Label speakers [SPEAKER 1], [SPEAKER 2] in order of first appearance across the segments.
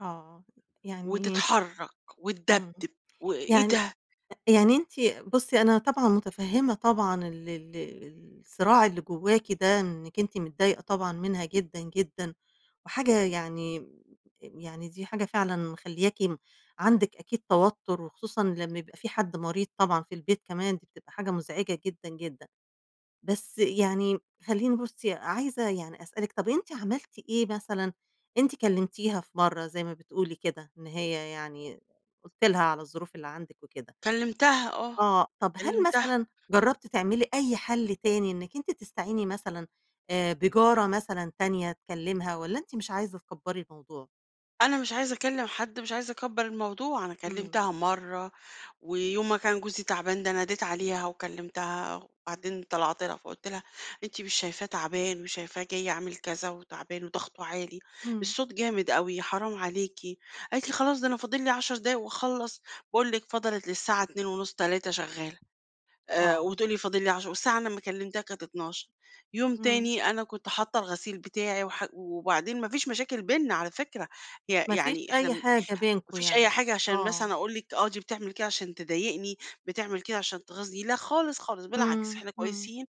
[SPEAKER 1] آه. يعني
[SPEAKER 2] وتتحرّك
[SPEAKER 1] إمم.
[SPEAKER 2] وتدَبدِب وإيه
[SPEAKER 1] يعني
[SPEAKER 2] ده؟!
[SPEAKER 1] أ يعني أنتِ بُصّي أنا طبعًا مُتفهِّمة طبعًا ال ال ال الصراع اللي جوّاكِ ده، إنِّك أنتِ متضايقة طبعًا منها جدًا، جدًا وحاجة يعني م يعني دي حاجة فعلًا مخلِّياكِ م عندِك أكيد توتُّر، وخصوصًا لمّا يبقى في حد مريض طبعًا في البيت كمان، دي بتبقى حاجة مزعجة جدًا، جدًا. بس يعني خلّيني بُصّي، عايزة يعني أسألِك طب أنتِ عملتِ إيه مثلًا؟ أنتِ كلّمتيها في مرّة زي ما بتقولي كده، إن هي يعني قُلتِ لها على الظروف اللي عندِك وكده.
[SPEAKER 2] كلّمتَها آه.
[SPEAKER 1] آه. طب هل
[SPEAKER 2] كلّمتَها.
[SPEAKER 1] مثلًا جرّبتِ تعملي أي حل تاني إنِّك أنتِ تستعيني مثلًا آآ بجارة مثلًا تانية تكلّمها والّا أنتِ مش عايزة تكبّري الموضوع؟
[SPEAKER 2] أنا مش عايزة أكلّم حد، مش عايزة أكبّر الموضوع. أنا
[SPEAKER 1] إمم.
[SPEAKER 2] كلّمتها مرّة، ويوم ما كان جوزي تعبان ده ناديت عليها وكلّمتها، وبعدين طلعت لها فقُلت لها: "أنتِ مش شايفاه تعبان وشايفاه جاي عامل كذا، وتعبان وضغطه عالي،
[SPEAKER 1] إمم.
[SPEAKER 2] الصوت جامد أوي حرام عليكِ." قالت لي: "خلاص ده أنا فاضل لي 10 دقايق وأخلّص." باقول لِك فضلت للساعة 02:30، 03:00 شغّالة. أ
[SPEAKER 1] آه.
[SPEAKER 2] وتقول لي فاضل لي عش والساعة أنا لمّا كلّمتها كانت 00:00.، يوم
[SPEAKER 1] إمم.
[SPEAKER 2] تاني أنا كنت حاطّة الغسيل بتاعي وح وبعدين ما فيش مشاكل بيننا على فكرة. ي
[SPEAKER 1] ما فيش
[SPEAKER 2] يعني إحنا م
[SPEAKER 1] أي
[SPEAKER 2] ما
[SPEAKER 1] حاجة بينكم
[SPEAKER 2] فيش أي
[SPEAKER 1] يعني
[SPEAKER 2] حاجة عشان
[SPEAKER 1] آه.
[SPEAKER 2] مثلًا أقول لِك آه دي بتعمل كده عشان تضايقني، بتعمل كده عشان تغيظني لأ خالص، خالص بالعكس،
[SPEAKER 1] إمم،
[SPEAKER 2] إحنا
[SPEAKER 1] إمم.
[SPEAKER 2] كويسين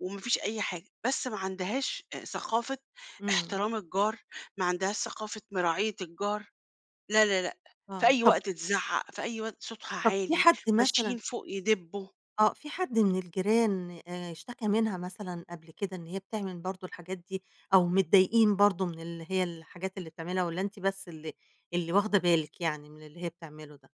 [SPEAKER 2] وما فيش أي حاجة. بس ما عندهاش أ ثقافة
[SPEAKER 1] إمم.
[SPEAKER 2] احترام الجار، ما عندهاش ثقافة مراعية الجار لا، لا، لأ. في
[SPEAKER 1] آه.
[SPEAKER 2] أي
[SPEAKER 1] طب
[SPEAKER 2] وقت تِزعّق، في أي وقت صوتها
[SPEAKER 1] طب في
[SPEAKER 2] عالي،
[SPEAKER 1] حد مثلًا
[SPEAKER 2] ماشيين فوق يدبّوا.
[SPEAKER 1] آه. في حد من الجيران أ اشتَكى منها مثلًا قبل كده إن هي بتعمل برضه الحاجات دي أو متضايقين برضه من اللي هي الحاجات اللي بتعملها والّا أنتِ بس اللي اللي واخدة بالِك يعني من اللي هي بتعمله ده؟